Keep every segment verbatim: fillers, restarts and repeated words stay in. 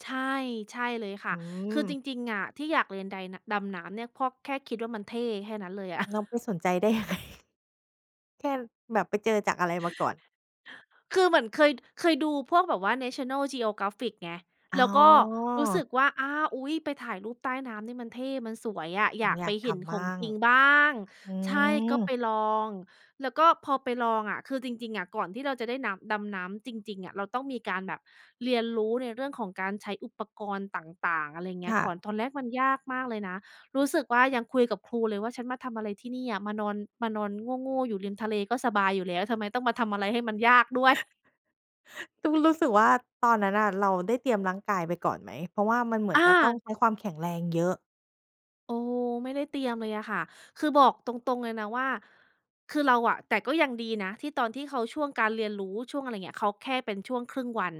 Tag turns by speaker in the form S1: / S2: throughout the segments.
S1: ใช่ ใช่เลยค่
S2: อ
S1: ะ
S2: ื
S1: คือ
S2: ม
S1: จริง ๆ อะ ที่อยากเรียนได น ดำน้ำเนี่ย เพราะแค่คิดว่ามันเท่ แค่นั้นเลยอะ
S2: น้องไปสนใจ ได้ยังไง แค่ แบบไปเจอจากอะไรมาก่อน?
S1: คือเหมือนเคย เคยดูพวกแบบว่า National Geographic ไง
S2: อ๋
S1: แล
S2: อ
S1: ้วก็รู้สึกว่า อา อุ๊ย ไปถ่ายรูปใต้น้ำเนี่ยมันเท่ มันสวยอะ
S2: เร
S1: อย
S2: า
S1: าก
S2: อย
S1: ไป
S2: ากท
S1: เห็น
S2: ำบ
S1: ข
S2: ้
S1: อง
S2: าง
S1: จริงบ้าง
S2: อื
S1: ใช่ ก
S2: ม
S1: ็ไปลอง แล้วก็พอไปลองอะ คือจริง ๆ อะ ก่อนที่เราจะได้น้ำ ดำน้ำจริง ๆ อะ เราต้องมีการแบบเรียนรู้ในเรื่องของการใช้อุปกรณ์ต่าง ๆ อะไรอย่างเงี
S2: ค
S1: ้ย
S2: ่
S1: ก่อ
S2: ะ
S1: น ตอนแรกมันยากมากเลยนะ รู้สึกว่ายังคุยกับครูเลยว่า "ฉันมาทำอะไรที่นี่อะ มานอน มานอนโง่ ๆ อยู่ริมทะเล ก็สบายอยู่แล้ว ทำไมต้องมาทำอะไรให้มันยากด้วย?"
S2: ต้องรู้สึกว่า ตอนนั้นน่ะเราได้เตรียมร่างกายไปก่อนไหม? เพราะว่ามันเหมือ
S1: อ
S2: นจะต้อง
S1: า
S2: ใช้ความแข็งแรงเยอะ
S1: โอ้โฮ ไม่ได้เตรียมเลยอะค่ะ คือบอกตรง ๆ เลยนะว่า คือเราอะ แต่ก็ยังดีนะที่ตอนที่เขาช่วงการเรียนรู้ ช่วงอะไรเงี้ย เขาแค่เป็นช่วงครึ่งวัน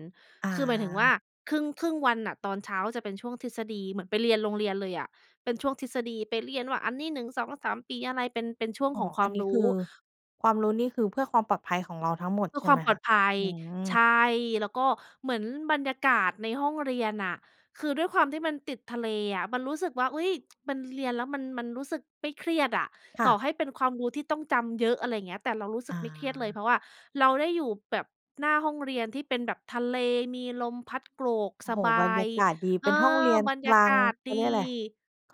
S1: คือหมายถึงว่า
S2: อา
S1: ครึ่ง ครึ่งวันน่ะ ตอนเช้าจะเป็นช่วงทฤษฎี เหมือนไปเรียนโรงเรียนเลยอะ เป็นช่วงทฤษฎีไปเรียนว่าอันนี้ หนึ่งสองสาม ปีอะไร เป็น เป็นช่วง
S2: อ๋อ
S1: ของคว
S2: อั
S1: า
S2: น
S1: ม
S2: นี้
S1: ร
S2: ค
S1: ู
S2: ือ
S1: ้
S2: ความรู้นี่คือเพื่อความปลอดภัยของเราทั้งหมด
S1: เพื
S2: ใ
S1: ่
S2: ช
S1: อ
S2: ่
S1: คว
S2: ไห
S1: า
S2: ม
S1: มปล
S2: ค
S1: อ
S2: ะ?
S1: ดภัย
S2: อื
S1: ใ
S2: ม
S1: ช่ แล้วก็เหมือนบรรยากาศในห้องเรียนน่ะ คือด้วยความที่มันติดทะเลอะ มันรู้สึกว่า "อุ๊ย มันเรียนแล้วมัน มันรู้สึกไม่เครียดอะ
S2: ค่
S1: ต่
S2: ะ
S1: อให้เป็นความรู้ที่ต้องจำเยอะ" อะไรอย่างเงี้ย แต่เรารู้สึ
S2: อ
S1: กไม่เครียดเลย
S2: า
S1: เพราะว่าเราได้อยู่แบบหน้าห้องเรียนที่เป็นแบบทะเล มีลมพัดโกรก
S2: โอ้
S1: ส
S2: โฮ
S1: บ
S2: บร
S1: า
S2: รย
S1: ย
S2: ากาศดี
S1: เ
S2: เ
S1: อ
S2: ป
S1: อ
S2: ็นห้องเรียน
S1: บรร
S2: ก
S1: ย
S2: ล
S1: า
S2: า
S1: ก
S2: ง
S1: าศ
S2: เขา
S1: ด
S2: เรีย
S1: ี
S2: กอะไร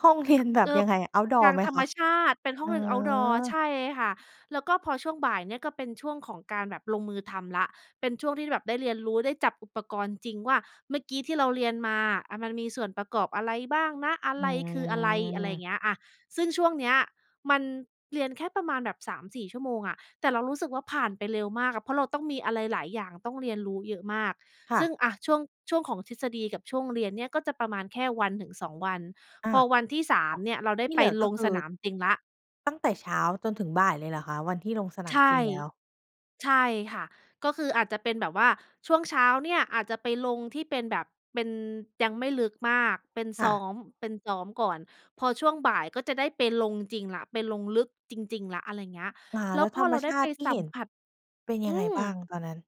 S2: ห้องเรียนแบบ
S1: อ
S2: ยังไงอะ เอาต์ดอ
S1: ท
S2: ร
S1: า
S2: ์
S1: ง
S2: ไหม
S1: ธร
S2: ค
S1: รม
S2: ะ?
S1: ชาติ เป็นห้
S2: อ
S1: อ
S2: ๋อ
S1: งเรียน เอาต์ดอร์ ใช่ค่ะ แล้วก็พอช่วงบ่ายเนี่ยก็เป็นช่วงของการแบบลงมือทำแล้ว เป็นช่วงที่แบบได้เรียนรู้ ได้จับอุปกรณ์จริง ว่าเมื่อกี้ที่เราเรียนมาอะมันมีส่วนประกอบอะไรบ้างนะ อะ
S2: อื
S1: ไรคืออะไร อะไรอย่
S2: ม
S1: างเงี้ย อา ซึ่งช่วงเนี้ยมันเรียนแค่ประมาณแบบ สามสี่ ชั่วโมงอะ แต่เรารู้สึกว่าผ่านไปเร็วมากอะ เพราะเราต้องมีอะไรหลายอย่าง ต้องเรียนรู้เยอะมาก
S2: ค่
S1: ซึ่
S2: ะ
S1: ง อา ช่วง ช่วงของทฤษฎีกับช่วงเรียนเนี่ย ก็จะประมาณแค่วันถึง สอง วัน
S2: อา
S1: พอวันที่ สา
S2: ค
S1: ม
S2: ่ะ
S1: เนี่ยเราได้
S2: ที่
S1: ไ
S2: เ
S1: ป
S2: หลือก
S1: ล
S2: ็
S1: ง
S2: คื
S1: ส
S2: อ
S1: นามจริงแล้ว
S2: ตั้งแต่เช้าจนถึงบ่ายเลยเหรอคะ? วันที่ลงสนา
S1: ใช
S2: ม
S1: ่
S2: จริงแล้ว
S1: ใช่ค่ะ ก็คืออาจจะเป็นแบบว่าช่วงเช้าเนี่ยอาจจะไปลงที่เป็นแบบเป็น ยังไม่ลึกมาก เป็น
S2: ค
S1: ซ
S2: ่
S1: ้
S2: ะ
S1: อม เป็นซ้อมก่อน พอช่วงบ่ายก็จะได้ไปลงจริงแล้ว ไปลงลึกจริง ๆ แล้ว อะไรอย่างเงี้ย
S2: อา
S1: แล
S2: แล
S1: ้
S2: ้
S1: ว
S2: ว
S1: พ
S2: ธ
S1: อ
S2: รร
S1: เ
S2: ม
S1: ราไ
S2: ช
S1: ด้
S2: า
S1: ไป
S2: ติที่
S1: ส
S2: เ
S1: ั
S2: ห็
S1: ม
S2: น
S1: ผัส
S2: เป็นย
S1: อ
S2: ั
S1: ื
S2: งไง
S1: ม
S2: บ้างตอนนั้น?